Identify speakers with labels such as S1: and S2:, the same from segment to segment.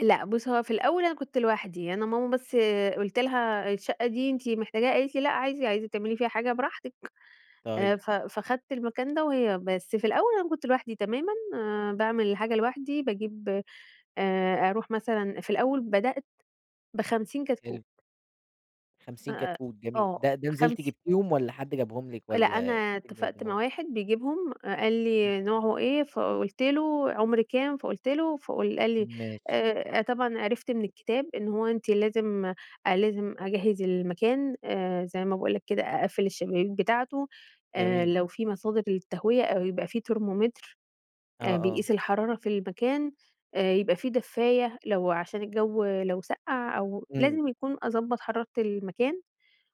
S1: لأ بُصّ، هو في الأول أنا كنت لوحدي، أنا ماما بس قُلت لها: "الشقة دي أنتِ محتاجاها؟" قالت لي: "لأ، عادي عايزة تعملي فيها حاجة براحتِك."
S2: طيب.
S1: آآ، ف فخدت المكان ده وهي بس في الأول أنا كنت لوحدي تمامًا، آآ، باعمل الحاجة لوحدي باجيب آآ، أروح مثلًا في الأول بدأت ب50 كتكوت.
S2: حلو. 50
S1: آآ،
S2: كتكوت جميل،
S1: آه
S2: ده ده نزلتِ
S1: خمس
S2: جبتيهم والَّا حد جابهم لِك،
S1: لأ،
S2: والَّا
S1: أنا
S2: جبتيهم من عند
S1: اتفقت مع
S2: ماما؟
S1: واحد بيجيبهم قال
S2: إمم.
S1: لي: "نوعه إيه؟" فقُلت له، "عُمر كام؟" فقُلت له، فق قال لي
S2: ماشي.
S1: آآ، طبعًا آآ، عرفت من الكتاب إن هو أنتِ لازم لازم أجهّز المكان آآ، زي ما باقول لك كده أقفّل الشبابيك بتاعته، آآ،
S2: جميل.
S1: لو في مصادر للتهوية أو يبقى في ترمومتر،
S2: آه،
S1: آآ،
S2: آه.
S1: بيقيس الحرارة في المكان، آآ يبقى في دفاية، لو عشان الجو لو سقَّع أو
S2: إمم.
S1: لازم يكون أضبّط حرارة المكان،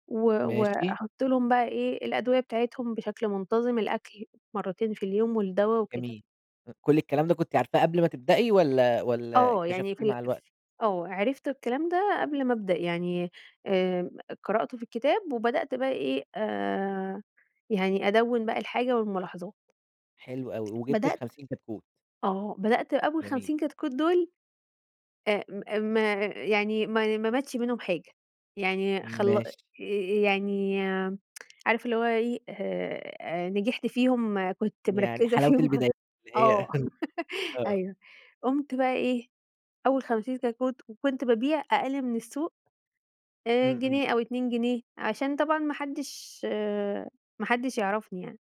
S1: و
S2: ماشي.
S1: وأحط لهم بقى إيه الأدوية بتاعتهم بشكل منتظم، الأكل مرتين في اليوم، والدوا وكده.
S2: جميل، أ كل الكلام ده كنتِ عارفاه قبل ما تبدئي، والَّا والَّا
S1: آه، يعني في
S2: اكتشفتيه
S1: ال
S2: مع الوقت؟
S1: آه، عرفت الكلام ده قبل ما أبدأ يعني، آآ، قرأت في الكتاب وبدأت بقى إيه، آآ، يعني أدوِّن بقى الحاجة والملاحظات.
S2: حلو أوي وجبتِ
S1: بدأت
S2: ال50 كتكوت.
S1: آه، بدأت أول
S2: جميل.
S1: 50 كتكوت دول آآ، م ما يعني ما ماتش منهم حاجة، يعني خل
S2: ماشي.
S1: يعني آآ، عارف اللي هو إيه آآ، نجحت فيهم كنت
S2: يعني
S1: مركّزة
S2: حلاوة
S1: فيهم،
S2: البدايات، اللي
S1: آه،
S2: هي آه.
S1: أيوه، قُمت بقى إيه، أول 50 كتكوت وكنت بابيع أقل من السوق، آآ،
S2: إمم، إمم.
S1: جنيه أو 2 جنيه عشان طبعًا ما حدش آآ، ما حدش يعرفني يعني.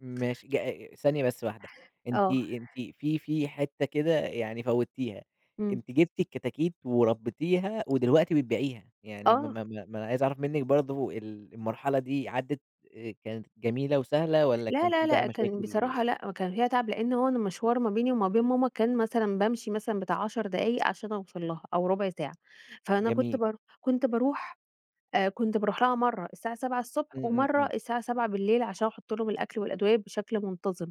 S2: ماشي ج آآ، ثانية بس واحدة أنتِ،
S1: آه.
S2: أنتِ في في حتة كده يعني فوّتيها،
S1: إمم.
S2: أنتِ جبتِ الكتاكيت وربيتيها، ودلوقتي بتبيعيها، يعني ما
S1: آه.
S2: ما ما ما أنا عايز أعرف منِّك برضه ال المرحلة دي عدّت آآ كانت جميلة وسهلة، والَّا
S1: لا،
S2: كان
S1: لا،
S2: في بقى
S1: لأ كان
S2: مشاكل و
S1: بصراحة لأ كان هي تعب، لأن هو المشوار ما بيني وما بين ماما كان مثلًا بامشي مثلًا بتاع 10 دقايق عشان أوصل لها، أو ربع ساعة، فأنا كنت
S2: جميل.
S1: بار كنت باروح آآ، كنت باروح لها مرّه الساعة 7:00 ص
S2: إمم، إمم،
S1: ومرّه
S2: إمم.
S1: الساعة 19:00 عشان أحط لهم الأكل والأدوية، بشكل منتظم.